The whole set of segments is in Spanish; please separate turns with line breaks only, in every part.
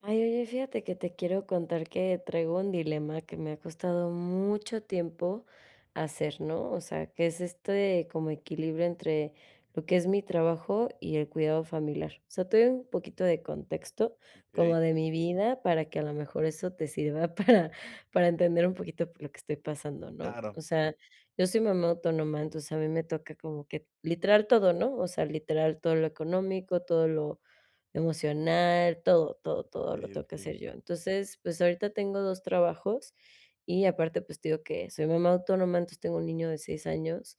Ay, oye, fíjate que te quiero contar que traigo un dilema que me ha costado mucho tiempo hacer, ¿no? O sea, que es esto de como equilibrio entre lo que es, mi trabajo y el cuidado familiar. O sea, te doy un poquito de contexto como
Okey.
de mi vida, para que a lo mejor eso te sirva para para entender un poquito por lo que estoy pasando, ¿no?
Claro.
O sea, yo soy mamá autónoma, entonces a mí me toca como que, literal todo, ¿no? O sea, literal todo lo económico, todo lo emocional, todo, todo, todo lo
Okey,
tengo que
okey.
hacer yo. Entonces, pues, ahorita tengo 2 trabajos y aparte, pues, te digo que soy mamá autónoma, entonces tengo un niño de 6 años,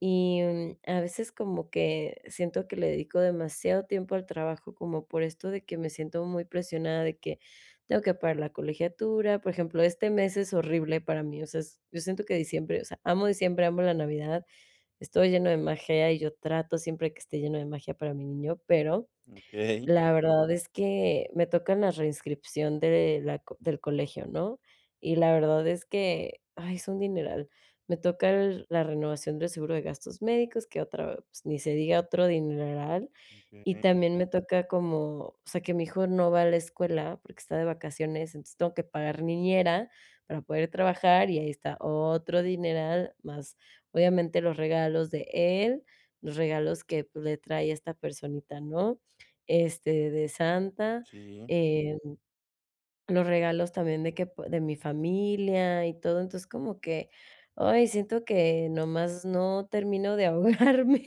y, mm, a veces como que siento que le dedico demasiado tiempo al trabajo, como por esto de que me siento muy presionada de que tengo que pagar la colegiatura. Por ejemplo, este mes es horrible para mí, o sea, es yo siento que diciembre, o sea, amo diciembre, amo la Navidad, esta lleno de magia y yo trato siempre que esté lleno de magia para mi niño, pero
Okey.
la verdad es que me tocan la reinscripción de, la co del colegio, ¿no? Y la verdad es que, ay, es un dineral. Me toca el la renovación del seguro de gastos médicos, que otra, pues, ni se diga otro dineral, y
Okey.
también me toca como, o sea, que mi hijo no va a la escuela, porque está de vacaciones, entonces tengo que pagar niñera para poder trabajar y ahí está otro dineral, más obviamente los regalos de él, los regalos que le trae esta personita, ¿no? Este, de Santa,
Sí.
eh, los regalos también de que pu de mi familia y todo, entonces, como que, ay, siento que nomás no termino de ahogarme,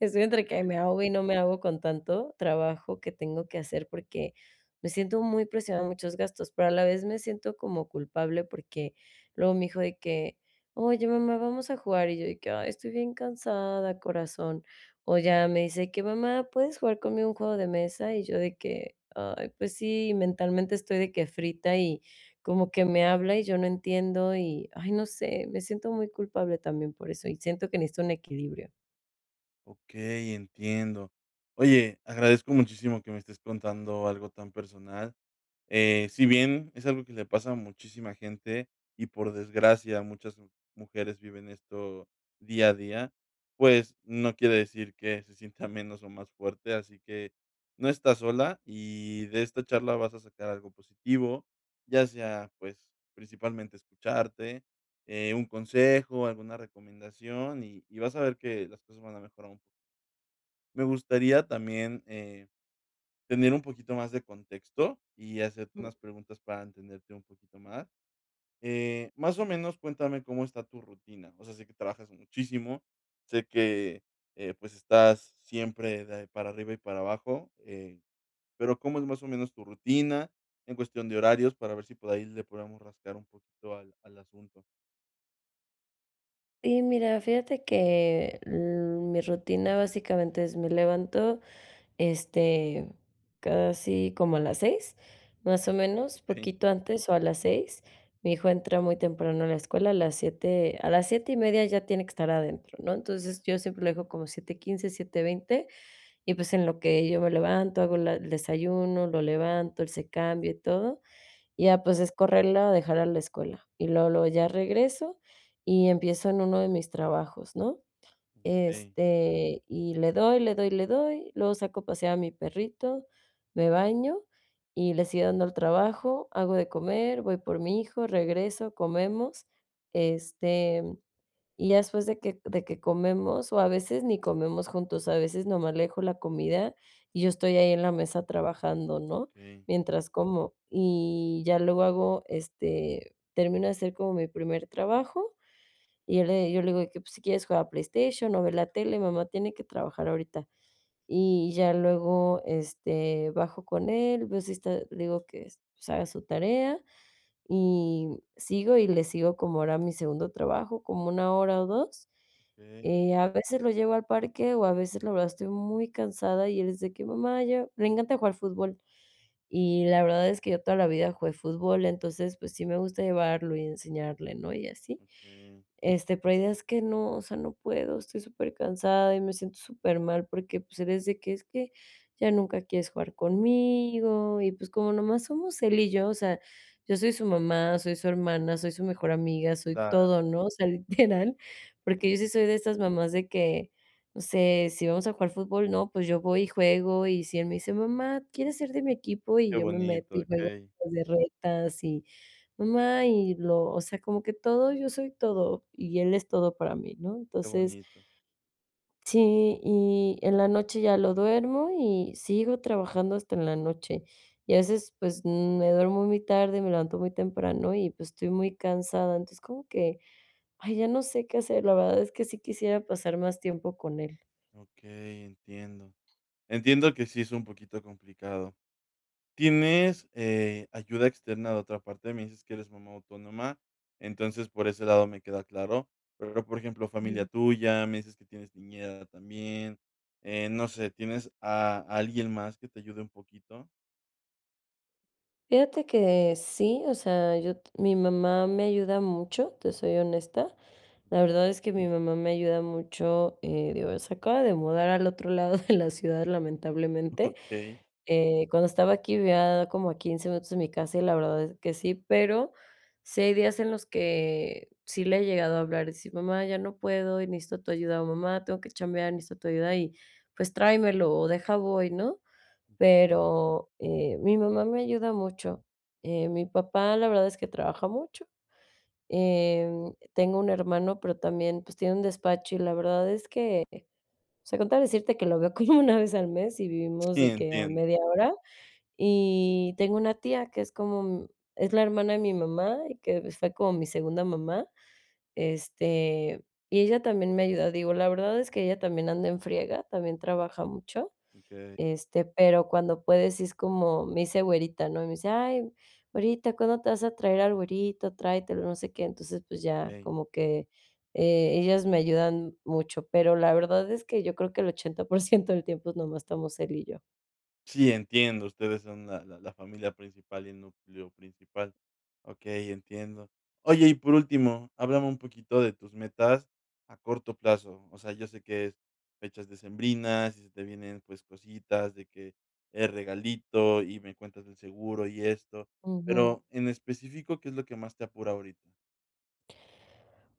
estoy entre que
Okey.
me ahogo y no me ahogo con tanto trabajo que tengo que hacer, porque me siento muy presionada en muchos gastos, pero a la vez me siento como culpable, porque luego mi hijo de que: "Oye mamá, vamos a jugar", y yo de que, "ay estoy bien cansada corazón". O ya me dice que: "Mamá, ¿puedes jugar conmigo un juego de mesa"? Y yo de que, "ay, pues sí", mentalmente estoy de que frita, y como que me habla y yo no entiendo, y, ay, no sé, me siento muy culpable también por eso, y siento que necesito un equilibrio.
Okey, entiendo. Oye, agradezco muchísimo que me estés contando algo tan personal, eh, si bien es algo que le pasa a muchísima gente y, por desgracia, muchas mu mujeres viven esto día a día, pues, no quiere decir que se sienta menos o más fuerte, así que no estás sola y de esta charla vas a sacar algo positivo, ya sea, pues, principalmente escucharte, eh, un consejo, alguna recomendación, y y vas a ver que las cosas van a mejorar un poco. Me gustaría también, eh, tener un poquito más de contexto y hacerte
Jum.
unas preguntas para entenderte un poquito más. Eh, más o menos cuéntame cómo está tu rutina, o sea, sé que trabajas muchísimo, sé que, eh, pues, estás siempre de para arriba y para abajo, eh, pero, ¿cómo es más o menos tu rutina en cuestión de horarios? Para ver si por ahí le podemos rascar un poquito al al asunto.
Y mira, fíjate que, mm, mi rutina básicamente es, me levanto, este, casi como a las 6, más o menos,
Okey.
poquito antes o a las 6. mi hijo entra muy temprano a la escuela, a las 7 a las 7 y media ya tiene que estar adentro, ¿no? Entonces, yo siempre lo dejo como 7:15 7:20, y pues, en lo que yo me levanto, hago la el desayuno, lo levanto, él se cambia y todo, y ya, pues, es correrlo a dejarlo a la escuela. Y luego, luego ya regreso y empiezo en 1 de mis trabajos, ¿no?
Okey.
Este, y le doy, le doy, le doy, luego saco a pasear a mi perrito, me baño y le sigo dando al trabajo, hago de comer, voy por mi hijo, regreso, comemos, este, y ya después de que de que comemos, o a veces ni comemos juntos, a veces nomás le dejo la comida, y yo estoy ahí en la mesa trabajando, ¿no?
Okey.
Mientras como. Y ya luego hago, este, termino de hacer como mi primer trabajo, y yo le yo le digo de que: "Pues, si quieres juega PlayStation o ve la tele, mamá tiene que trabajar ahorita". Y ya luego, este, bajo con él, veo si está, le digo que, pues, "Haga su tarea", y sigo y le sigo, como ahora a mi segundo trabajo, como 1 hora o 2.
Okey.
Eh, a veces lo llevo al parque, o a veces, la verdad, estoy muy cansada y el es de que: "Mamá, llevame" le encanta jugar fútbol, y la verdad es que yo toda la vida jugué fútbol, entonces, pues, sí me gusta llevarlo y enseñarle, ¿no? Y así.
Okey.
Este, pero hay días que no, o sea, no puedo, estoy súper cansada y me siento súper mal porque, pues, el es de que: "Es que ya nunca quieres jugar conmigo" y pues, como nomás somos él y yo, o sea, yo soy su mamá, soy su hermana, soy su mejor amiga, soy
Claro.
todo, ¿no? O sea, literal, porque yo sí
Okey.
soy de estas mamás de que, no sé, si vamos a jugar fútbol, ¿no?, pues, yo voy y juego, y si él me dice: "Mamá, ¿quieres ser de mi equipo?" Y
Qué
yo me meto
bonito,
y juego
okey.
las retas y mamá y lo o sea, como que todo, yo soy todo, y él es todo para mí, ¿no?
Qué
Entonces
bonito.
sí, y en la noche ya lo duermo y sigo trabajando hasta en la noche. Y a veces, pues, me duermo muy tarde, me levanto muy temprano y, pues, estoy muy cansada. Entonces, como que: "Ay, ya no sé qué hacer". La verdad es que sí quisiera pasar más tiempo con él.
Okey, entiendo. Entiendo que sí es un poquito complicado. ¿Tienes, eh, ayuda externa de otra parte? Me dices que eres mamá autónoma, entonces, por ese lado me queda claro. Pero, por ejemplo, familia
Ujú.
tuya, me dices que tienes niñera también, eh, no sé, ¿tienes a alguien más, que te ayude un poquito?
Fíjate que sí. O sea, yo t mi mamá me ayuda mucho, te soy honesta. La verdad, es que mi mamá me ayuda mucho. Eh, digo, es se acaba de mudar al otro lado de la ciudad, lamentablemente.
Okey.
Eh, cuando estaba aquí, vivía como a 15 minutos, de mi casa, y la verdad es que sí. Pero sí hay días en los que sí le he llegado a hablar, y decir: "Mamá, ya no puedo, y necesito tu ayuda". O, "Mamá, tengo que chambear. Necesito tu ayuda". Y, pues, tráemelo, o deja, voy, ¿no? Pero, eh, mi mamá me ayuda mucho. Eh, mi papá, la verdad, es que trabaja mucho. Em, tengo un hermano, pero también, pues, tiene un despacho, y la verdad, es que o sea, con tal de decirte, que lo veo como 1 vez al mes, y vivimos
Sí,
de que a
entiendo.
media hora. Y, tengo una tía, que es como es la hermana de mi mamá, y que fue como mi segunda mamá, este, y ella también me ayuda. Digo, la verdad, es que ella también anda en friega, también trabaja mucho.
Okey.
Este, pero cuando puede, sí es como, me dice güerita, ¿no? Y me dice: "Ay güerita, ¿cuándo te vas a traer al güerito? Tráetelo, no sé, qué". Entonces, pues ya,
Okey.
como que, eh, ellas me ayudan mucho, pero la verdad es que yo creo que el 80% por ciento del tiempo, nomás estamos él y yo.
Sí, entiendo, ustedes son la la la familia principal y núcleo principal. Okey, entiendo. Oye, y por último, háblame un poquito de tus metas a corto plazo. O sea, yo sé que es fechas decembrinas, y se te vienen, pues cositas de que, el regalito y me cuentas del seguro, y esto.
Ujú.
Pero en específico, ¿qué es lo que más te apura ahorita?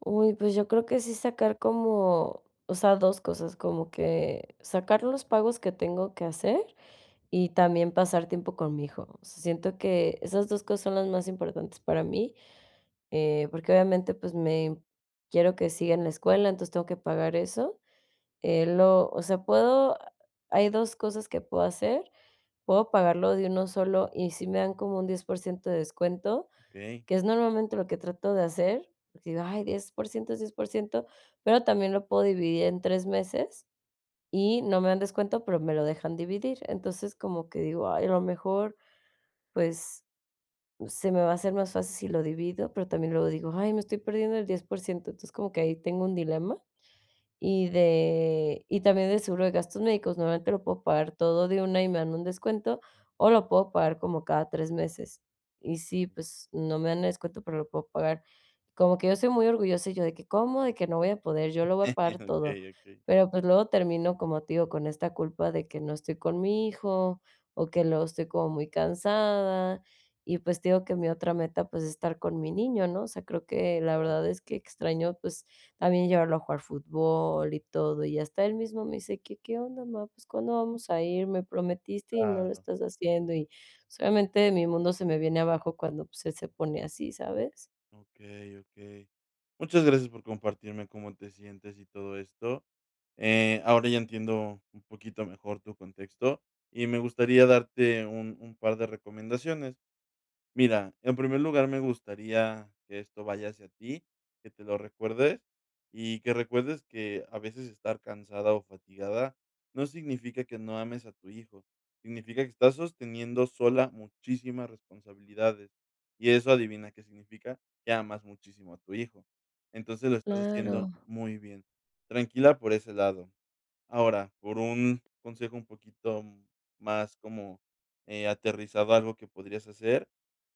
Uy, pues, yo creo que sí sacar como o sea, 2 cosas. Como que sacar los pagos que tengo que hacer, y también pasar tiempo con mi hijo. O sea, siento que esas 2 cosas son las más importantes para mí, eh, porque obviamente, pues, me quiero que siga en la escuela, entonces tengo que pagar eso. Eh, lo o sea, puedo hay 2 cosas que puedo hacer, puedo pagarlo de 1 solo, y si me dan como un 10% de descuento,
Okey.
que es normalmente lo que trato de hacer, porque digo: "Ay, 10% es 10%", pero también lo puedo dividir en 3 meses, y no me dan descuento, pero me lo dejan dividir. Entonces, como que digo: "Ay, a lo mejor, pues, se me va a hacer más fácil si lo divido", pero también luego digo: "Ay, me estoy perdiendo el 10%". Entonces, como que ahí tengo un dilema, y de y también de seguro de gastos médicos, normalmente lo puedo pagar todo de una y me dan un descuento, o lo puedo pagar como cada 3 meses. Y sí, pues, no me dan el descuento, pero lo puedo pagar. Como que yo soy muy orgullosa, y yo de que: "¿Cómo, de que no voy a poder?, yo lo voy a pagar todo".
Okey, okey.
Pero, pues, luego termino como, te digo, con esta culpa de que no estoy con mi hijo, o que luego estoy como muy cansada, y pues, te digo: "Que mi otra meta, pues, es estar con mi niño", ¿no? O sea, creo que la
Claro.
verdad es que extraño pues también llevarlo a jugar fútbol y todo. Y hasta él mismo me dice: "¿Que qué onda, ma? Pues, ¿cuándo vamos a ir? Me prometiste y no lo
Claro.
estás haciendo". Y, o sea, obviamente, mi mundo se me viene abajo cuando, pues, se pone así, ¿sabes?
Okey, okey. Muchas gracias por compartirme cómo te sientes y todo esto. Eh, ahora ya entiendo un poquito mejor tu contexto, y me gustaría darte un un par de recomendaciones. Mira, en primer lugar, me gustaría que esto vaya hacia ti, que te lo recuerdes, y que recuerdes que a veces estar cansada o fatigada no significa que no ames a tu hijo, significa que estás sosteniendo sola muchísimas responsabilidades, y eso adivina qué significa, que amas muchísimo a tu hijo. Entonces, lo estás haciendo
Claro.
muy bien, tranquila por ese lado. Ahora, por un consejo un poquito más como, eh, aterrizado a algo que podrías hacer,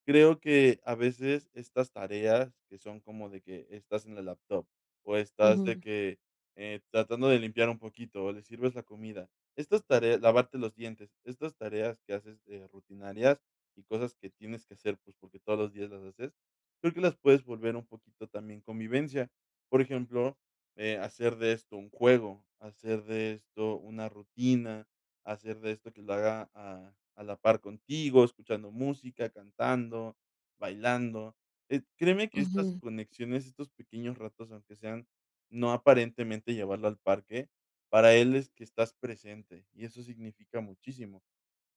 creo que a veces estas tareas que son como de que estás en la laptop, o estás de
Ujú.
que, eh, tratando de limpiar un poquito, o le sirves la comida. Estas tareas, lavarte los dientes, estas tareas que haces, eh, rutinarias, y cosas que tienes que hacer, pues, porque todos los días las haces, creo que las puedes volver un poquito también convivencia. Por ejemplo, eh, hacer de esto un juego, hacer de esto una rutina, hacer de esto que lo haga a a la par contigo, escuchando música, cantando, bailando. Eh, créeme que estas
Ujú.
conexiones, estos pequeños ratos, aunque sean no aparentemente llevarlo al parque, para él es que estás presente, y eso significa muchísimo.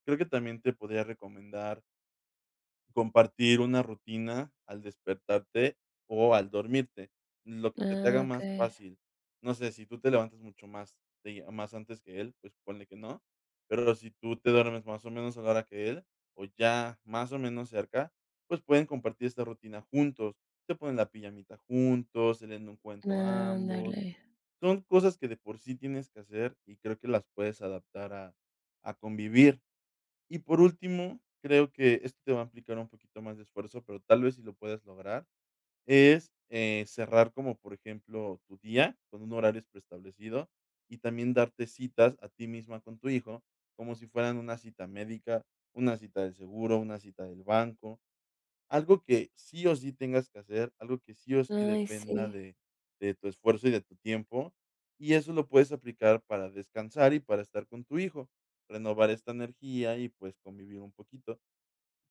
Creo que también te podría recomendar compartir una rutina al despertarte o al dormirte, lo que se te
Ah,
haga más
okey.
fácil. No sé, si tú te levantas mucho más días más antes que él, pues, ponle que no, pero si tú te duermes, más o menos, a la hora que él, o ya, más o menos, cerca, pues, pueden compartir esta rutina juntos. Se ponen la pijamita juntos, se leen un cuento ambos.
Ándale.
Son cosas que de por sí tienes que hacer y creo que las puedes adaptar a a convivir. Y por último, creo que esto te va a implicar un poquito más de esfuerzo, pero tal vez si lo puedes lograr, es eh, cerrar como, por ejemplo, tu día con un horario preestablecido y también darte citas a ti misma con tu hijo, como si fueran una cita médica, una cita del seguro, una cita del banco, algo que sí o sí tengas que hacer, algo que sí o sí
Ay,
dependa
sí.
de de tu esfuerzo y de tu tiempo, y eso lo puedes aplicar para descansar y para estar con tu hijo, renovar esta energía y, pues, convivir un poquito.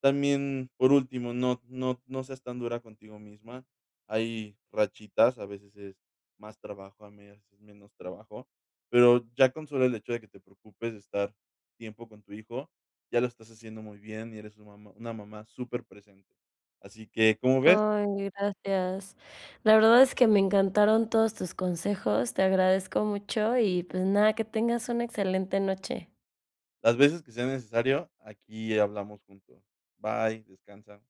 También, por último, no no no seas tan dura contigo misma, hay rachitas, a veces es más trabajo, a medias es menos trabajo, pero ya con solo el hecho de que te preocupes de estar tiempo con tu hijo, ya lo estás haciendo muy bien y eres su mamá, una mamá superpresente. Así que, ¿cómo ves?
Ay, gracias. La verdad es que me encantaron todos tus consejos, te agradezco mucho y, pues nada, que tengas una excelente noche.
Las veces que sea necesario, aquí hablamos juntos. Bye, descansa.